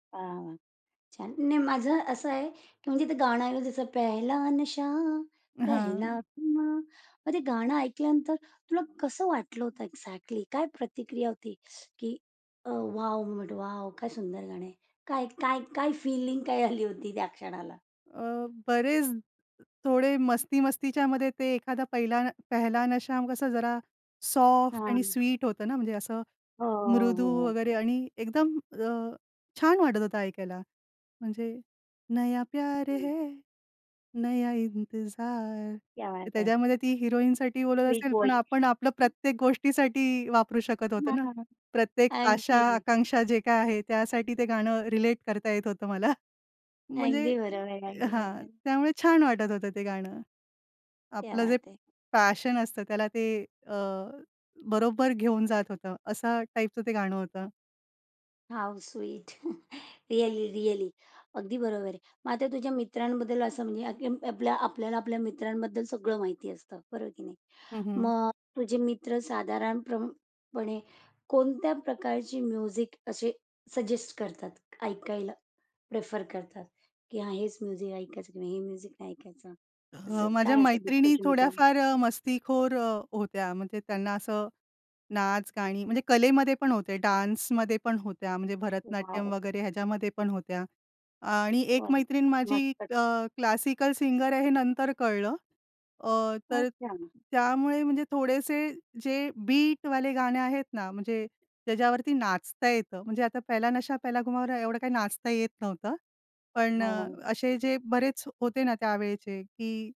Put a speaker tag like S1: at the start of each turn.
S1: हां. छान. नाही माझं असं आहे, की म्हणजे ते गाणं आहे तसं पेहेला नशा, पेहेला
S2: हां.
S1: खुमार. मग ते गाणं ऐकल्यानंतर तुला कसं वाटलं होतं एक्झाक्टली? काय प्रतिक्रिया होती की अ, वॉव! But wow! काय सुंदर गाणं आहे. काय काय काय फीलिंग काय आली होती त्या क्षणाला?
S2: अ, बरेच थोडे मस्ती-मस्तीच्यामध्ये ते एखादा पहिला "पेहेला नशा" कसा जरा सॉफ्ट आणि
S1: हां.
S2: स्वीट होतं ना, म्हणजे असं
S1: हां.
S2: मृदू
S1: हो. हो.
S2: वगैरे आणि एकदम अ, छान वाटत होतं ऐकायला. म्हणजे नया प्यारे है, नया इंतजार.
S1: क्या बात है!
S2: त्याच्यामध्ये ती हिरोईनसाठी बोलत
S1: स्वीट
S2: असेल, पण
S1: व्हॉईस.
S2: आपण आपलं प्रत्येक गोष्टीसाठी वापरू शकत
S1: हां,
S2: होतो ना.
S1: हां, हां.
S2: प्रत्येक आशा,
S1: अगदी.
S2: आकांक्षा जे काय आहे त्यासाठी ते गाणं रिलेट करता येत होतं मला. म्हणजे
S1: अगदी बरोबर, अगदी
S2: हां,
S1: बरोबर.
S2: त्यामुळे छान वाटत होतं ते गाणं.
S1: क्या
S2: आपलं जे
S1: बात है!
S2: पॅशन असतं त्याला ते अ, बरोबर घेऊन जात होतं असा टाइपचं ते गाणं होतं.
S1: How sweet! रिअली-रिअली, अगदी बरोबर आहे. मग आता तुझ्या मित्रांबद्दल असं म्हणजे अ आपल्या आपल्याला आपल्या मित्रांबद्दल सगळं माहिती असतं बरोबर की नाही.
S2: हं, हं.
S1: मग तुझे मित्र साधारण प्रम पणे कोणत्या प्रकारची म्युझिक असे सजेस्ट करतात ऐकायला, प्रेफर करतात की हां हेच म्युझिक ऐकायचं की नाही हे म्युझिक नाही ऐकायचं असं
S2: अ, माझ्या
S1: काय असं
S2: मैत्रिणी
S1: डिस्कशन होतं?
S2: थोड्याफार अ, मस्तीखोर अ, होत्या. म्हणजे त्यांना असं नाच गाणी म्हणजे कलेमध्ये पण होते, डान्समध्ये पण होत्या. म्हणजे
S1: वॉव!
S2: भरतनाट्यम वगैरे ह्याच्यामध्ये पण होत्या आणि एक
S1: वॉव!
S2: मैत्रीण माझी
S1: मस्तच.
S2: अ, क्लासिकल सिंगर आहे हे नंतर कळलं. अ, तर
S1: अच्छा.
S2: त्यामुळे म्हणजे थोडेसे जे बीटवाले गाणे आहेत ना, म्हणजे ज्याच्यावरती नाचता येतं. म्हणजे आता "पेहेला नशा पेहेला खुमावर" एवढं काय नाचता येत नव्हतं. पण
S1: हां,
S2: अ,
S1: हां.
S2: असे जे बरेच होते ना, त्यावेळेचे की